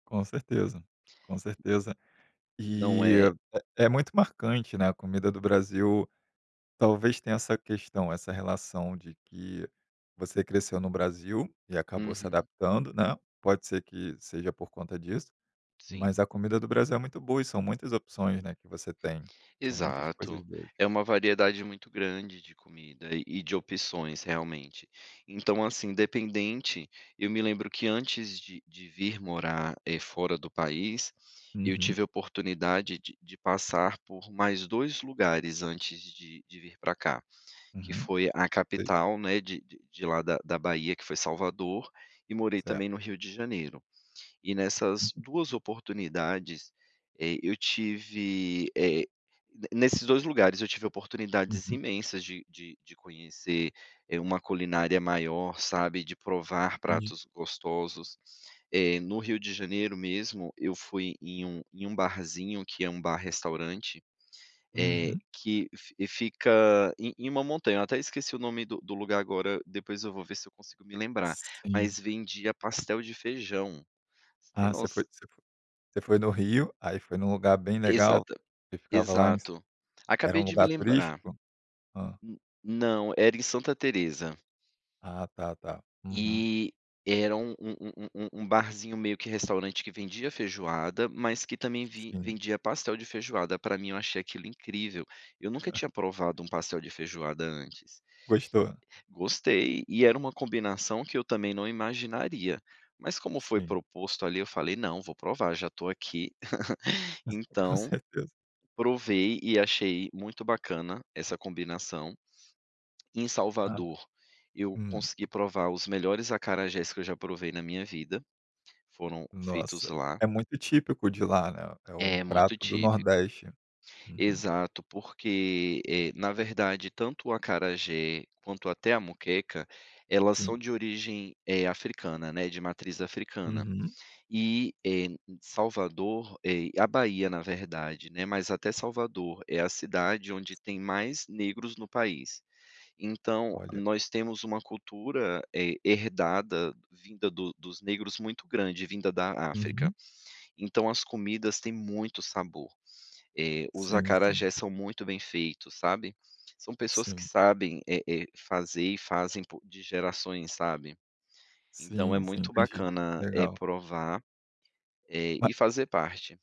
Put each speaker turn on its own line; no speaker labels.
Com certeza, com certeza.
Não
E
é.
é muito marcante, né, a comida do Brasil, talvez tenha essa questão, essa relação, de que você cresceu no Brasil. E acabou se
Uhum.
adaptando, né, pode ser que seja, por conta disso,
Sim.
mas, a comida do Brasil, é muito boa e são muitas opções, né, que você tem, são muitas coisas
Exato.
boas.
É uma variedade muito grande, de comida e de opções, realmente. Então, assim, independente, eu me lembro, que antes de de vir morar, eh, fora do país, eu
Uhum.
tive a oportunidade, de de passar, por mais 2 lugares, antes de de vir pra cá, que
Uhum.
foi a
Sei.
capital, né, de de lá da da Bahia, que foi Salvador, e morei
Certo.
também, no Rio de Janeiro. E nessas
Uhum.
2 oportunidades, eh, eu tive, eh, nesses 2 lugares, eu tive oportunidades
Uhum.
imensas, de de de conhecer, eh, uma culinária maior, sabe, de provar
Entendi.
pratos gostosos, eh, no Rio de Janeiro, mesmo, eu fui em um em um barzinho, que é um bar restaurante, eh,
Uhum.
que fica em em uma montanha, até esqueci o nome do do lugar agora, depois, eu vou ver, se eu consigo me lembrar,
Sim.
mas, vendia pastel de feijão. Se
Ah, você
nos
foi você fo você foi no Rio, aí foi num lugar, bem legal,
Exato,
você ficava lá.
exato.
Era
Acabei
um
de me
lugar
lembrar.
turístico? Hã.
Hum não, era em Santa Teresa.
Ah tá, tá. Uhum.
E era um um um um barzinho, meio que restaurante, que vendia feijoada, mas que, também ven
Sim.
vendia pastel de feijoada, pra mim, eu achei aquilo incrível. Eu nunca
Ah.
tinha provado, um pastel de feijoada antes.
Gostou?
Gostei, e era uma combinação, que eu também não imaginaria. Mas como foi
Sim.
proposto, ali, eu falei: "Não, vou provar já estou aqui."
Hum, com
Então,
certeza.
provei, e achei muito bacana, essa combinação. Em
Hã.
Salvador, eu
Hum.
consegui provar, os melhores acarajés, que eu já provei na minha vida, foram feitos
Nossa,
lá.
é muito típico de lá, né, é um
É muito
prato do
típico.
Nordeste. Uhum.
Exato, porque, eh, na verdade, tanto o acarajé, quanto até a moqueca, elas são
Sim.
de origem africana, eh, né, de matriz africana.
Uhum.
E, eh, Salvador, eh, a Bahia na verdade, mas até Salvador, é a cidade, onde tem mais negros no país. Então,
Olha.
nós temos uma cultura, eh, herdada vinda do dos negros muito grande, vinda da África.
Uhum.
Então, as comidas, têm muito sabor, eh, os
Sim, sim.
acarajés, são muito bem feitos, sabe, são pessoas que
Sim.
sabem, eh eh, fazer e fazem, de gerações sabe. Então, é
Sim, sim,
muito bacana, eh,
legal.
provar, eh,
Ma
e fazer parte.